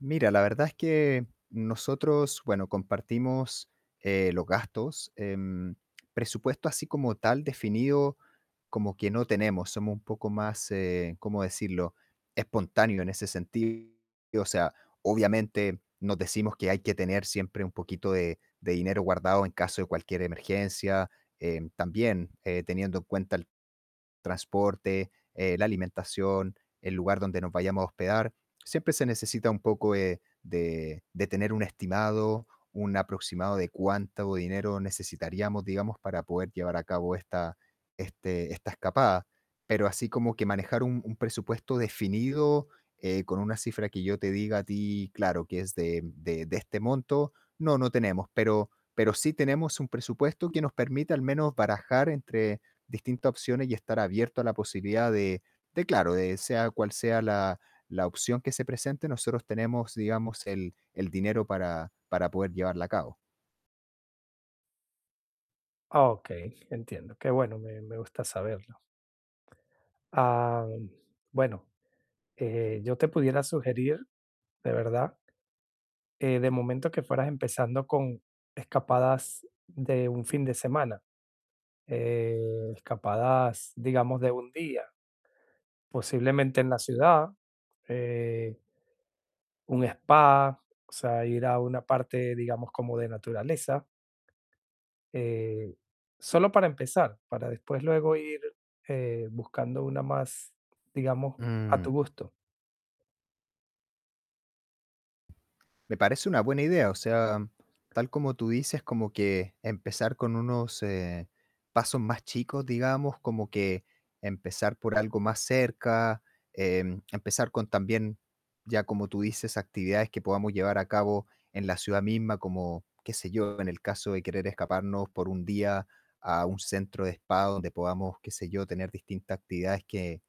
Mira, la verdad es que nosotros, bueno, compartimos, eh, los gastos. Em, presupuesto así como tal definido como que no tenemos, somos un poco más, eh, cómo decirlo, espontáneos en ese sentido. O sea, obviamente nos decimos que hay que tener siempre un poquito de de dinero guardado en caso de cualquier emergencia. Em, también, eh, teniendo en cuenta el transporte, eh, la alimentación, el lugar donde nos vayamos a hospedar, siempre se necesita un poco, eh, de de tener un estimado, un aproximado de cuánto dinero necesitaríamos, digamos, para poder llevar a cabo esta este esta escapada. Pero así como que manejar un un presupuesto definido, eh, con una cifra que yo te diga a ti claro que es de de de este monto, no, no tenemos. Pero pero sí tenemos un presupuesto que nos permite al menos barajar entre distintas opciones y estar abierto a la posibilidad de de claro, de sea cual sea la la opción que se presente, nosotros tenemos, digamos, el el dinero para para poder llevarla a cabo. Okey, entiendo. Qué bueno, me me gusta saberlo. Am, bueno, eh, yo te pudiera sugerir, de verdad eh, de momento que fueras empezando con escapadas de 1 fin de semana, eh, escapadas, digamos, de 1 día posiblemente en la ciudad, eh un spa, o sea, ir a una parte, digamos, como de naturaleza eh, solo para empezar, para después luego ir, eh, buscando una más, digamos, a Mm. tu gusto. Me parece una buena idea. O sea, tal como tú dices, como que empezar con unos, eh, pasos más chicos, digamos, como que empezar por algo más cerca, em, empezar con también, ya como tú dices, actividades que podamos llevar a cabo en la ciudad misma, como qué sé yo, en el caso de querer escaparnos por un día a un centro de spa donde podamos, qué sé yo, tener distintas actividades que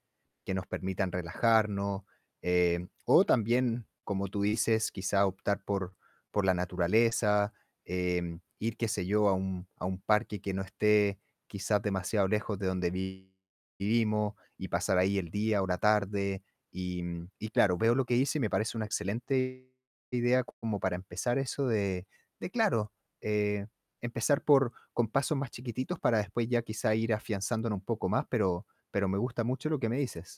que nos permitan relajarnos. Eh, o también, como tú dices, quizá optar por por la naturaleza, em, ir, qué sé yo, a un a un parque que no esté quizás demasiado lejos de donde vi vivimos y pasar ahí el día o la tarde. Y y claro, veo lo que dices y me parece una excelente idea como para empezar eso de de claro, eh, empezar por con pasos más chiquititos para después ya quizá ir afianzándonos un poco más, pero pero me gusta mucho lo que me dices.